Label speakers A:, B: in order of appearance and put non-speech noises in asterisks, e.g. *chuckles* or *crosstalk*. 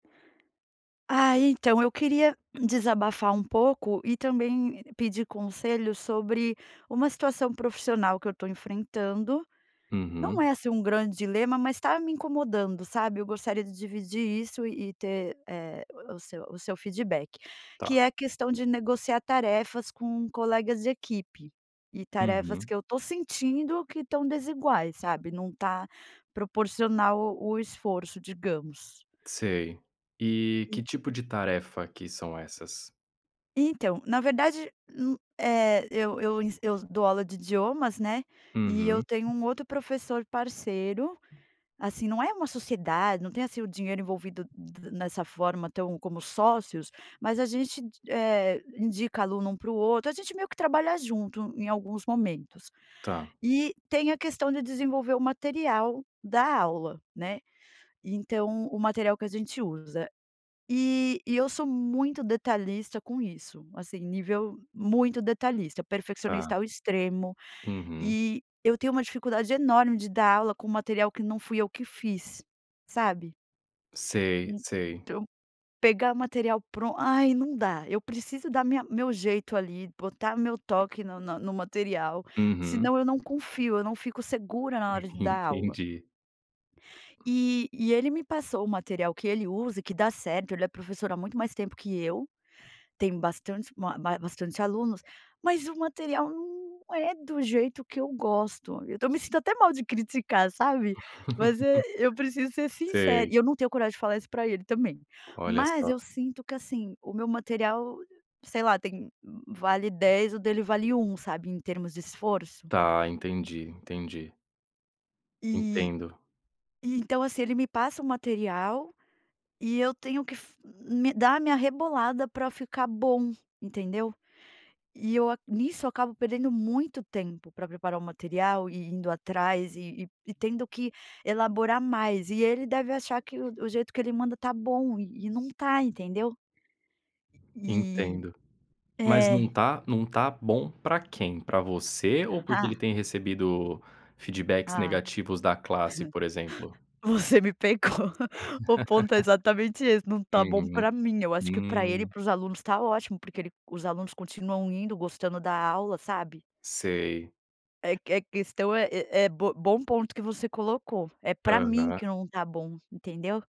A: Ah, então eu queria desabafar um pouco e também pedir conselhos sobre uma situação profissional que eu estou enfrentando, não
B: Uhum.
A: é, assim um grande dilema mas está me incomodando, sabe? Eu gostaria de dividir isso e ter, eh, o seu o seu feedback, que
B: Está.
A: é a questão de negociar tarefas com colegas de equipe e tarefas
B: Uhum.
A: que eu estou sentindo que estão desiguais, sabe? Não está proporcional o esforço digamos.
B: Sei, e que
A: E
B: tipo de tarefa que são essas?
A: Então, na verdade, hum, eh, eu eu ensi eu dou aula de idiomas, né, e eu
B: Uhum.
A: tenho um outro professor parceiro, assim não é uma sociedade, não tem assim o dinheiro envolvido nessa forma tão como sócios, mas a gente, eh, indica aluno um para o outro, a gente meio que trabalha junto em alguns momentos.
B: Está.
A: E tem a questão de desenvolver o material da aula, né, então o material que a gente usa. E e eu sou muito detalhista com isso, assim nível muito detalhista, perfeccionista
B: Está.
A: ao extremo,
B: Uhum.
A: e eu tenho uma dificuldade enorme de dar aula com material que não fui eu que fiz, sabe?
B: Sei, sei.
A: Então pegar material pronto, ai não dá, eu preciso da minha meu jeito ali, botar meu toque no na no material,
B: Uhum.
A: senão eu não confio, eu não fico segura na hora de
B: *chuckles*
A: dar aula.
B: entendi.
A: E e ele me passou o material que ele usa e que dá certo, ele é professor há muito mais tempo que eu, tem bastante bastante alunos, mas o material não é do jeito que eu gosto, eu estou me sentindo até mal de criticar, sabe? Mas
B: *laughs*
A: eu preciso ser sincera
B: Sei.
A: e eu não tenho coragem de falar isso para ele também,
B: Olha
A: mas eu
B: só.
A: sinto que assim o meu material, sei lá tem vale 10 o dele vale 1 sabe em termos de esforço.
B: Está, entendi, entendi.
A: E,
B: Entendo.
A: e então assim ele me passa o material, e eu tenho que fi me dar a minha rebolada para ficar bom, entendeu? E eu nisso acabo perdendo muito tempo para preparar o material e indo atrás e e e tendo que elaborar mais e ele deve achar que o o jeito que ele manda está bom e e não está entendeu? E,
B: Entendo, mas não
A: é.
B: está não está bom para quem? Para você, ou porque ele
A: Ah.
B: tem recebido feedbacks
A: Ah. *laughs*
B: negativos da classe, por exemplo?
A: Você me pegou, o ponto é exatamente esse,
B: *laughs*
A: não está bom
B: Uhum,
A: para mim, acho que para ele e
B: hum.
A: para os alunos está ótimo porque ele os alunos continuam indo, gostando da aula, sabe?
B: Sei.
A: É que é questão é é bo bom ponto que você colocou, é para mim
B: Aham.
A: que não está bom, entendeu?